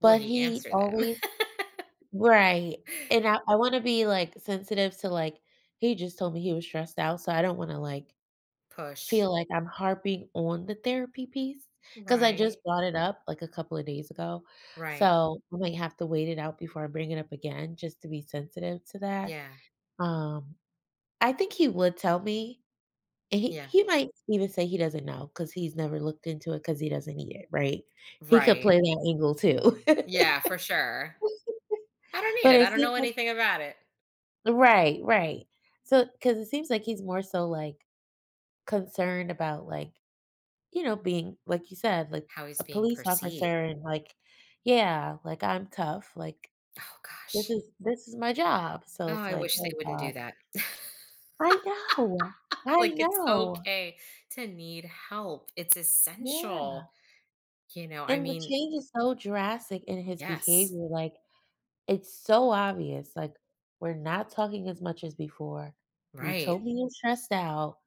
Will But he he answer them? always right, and I I wanna be, like, sensitive to, like he just told me he was stressed out, so I don't wanna, like, Push. feel like I'm harping on the therapy piece 'cause I Right. just brought it up, like, a couple of days ago, Right. so I might have to wait it out before I bring it up again just to be sensitive to that. Yeah. Um, I think he would tell me. He Yeah. he might even say he doesn't know 'cause he's never looked into it 'cause he doesn't need it, right? He could Right. play that angle too. Yeah, for sure. I don't need But it, it I don't seems know like anything about it. Right, right. So 'cause it seems like he's more so, like, concerned about, like, you know, being like you said, like How he's a being police perceived? officer and like, yeah, like, "I'm tough," Like, Oh "This gosh. is this is my job," Oh, so it's I like, wish they "Oh wouldn't god." do that. I know, I Like, it's know. okay to need help, it's Yeah. essential. You know, I And the mean, change is so drastic in his Yes. behavior, like, it's so obvious, like, we're not talking as much as before, you told Right. me you're stressed out,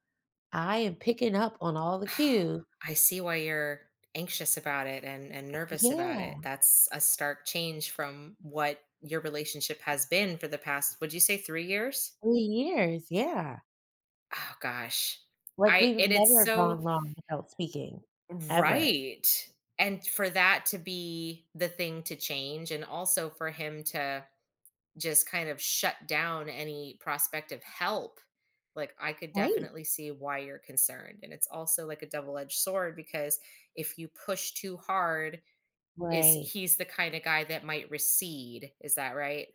I am picking up on all the Oh, cue. I see why you're anxious about it and and nervous about it, Yeah. that's a stark change from what your relationship has been for the past, would you say 3 years? 3 years, yeah. Oh gosh. Like, I we've and it's never so gone long without speaking, ever. Right. And for that to be the thing to change and also for him to just kind of shut down any prospective help, like, I could Right. definitely see why you're concerned, and it's also like a double edged sword because if you push too hard, is Right. he's the kind of guy that might recede, is that right?